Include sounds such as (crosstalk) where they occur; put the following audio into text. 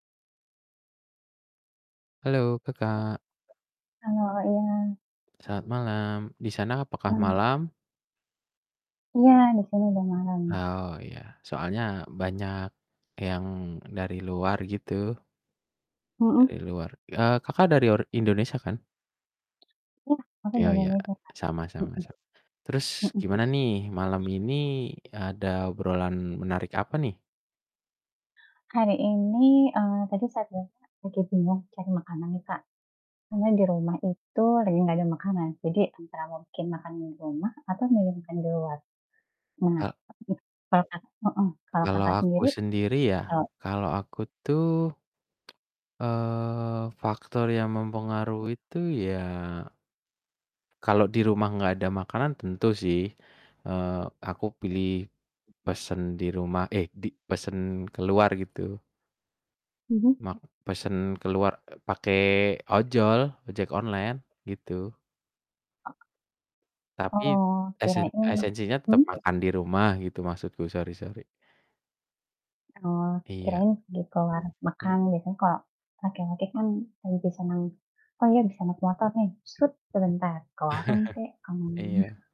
Halo, Kakak. Halo, iya. Selamat malam. Di sana apakah Mmm. malam? Iya, betul udah malam. Ah, oh, ya, soalnya banyak yang dari luar, gitu. Mhm. Dari luar eee, Kakak, dari or Indonesia, kan? Ya, aku di Ya ya, Indonesia, Kak. sama sama mhm, sama. Terus, mhm. gimana nih malam ini ada obrolan menarik apa, nih? Hari ini, eee, tadi saya bilang lagi bingung cari makanan nih, Kak. Karena di rumah itu lagi enggak ada makanan, jadi antara mungkin makan di rumah atau milih mau makan di luar. Nah A mhm, kalau, Kakak mhm, kalau, Kalau Kakak, aku sendiri? sendiri ya, Eee kalau aku tuh, (tsk) eee, faktor yang mempengaruhi tuh ya kalau di rumah enggak ada makanan, tentu, sih, eee, aku pilih pesen di rumah eh, di pesen keluar, gitu. Mhm. Mak pesen keluar pake, e ojol, ojek online, gitu. Oh. Tapi Oh, esen kirain esensinya tetep hmm? makan di rumah, gitu, maksudku, sori sori. Oh, Iya. kirain beli ke warung Hmm. makan gitu, kalau laki-laki kan lebih senang oh, ya, bisa naik motor, nih, set sebentar ke warung, kek. (chuckles) Iya. (unintelligible)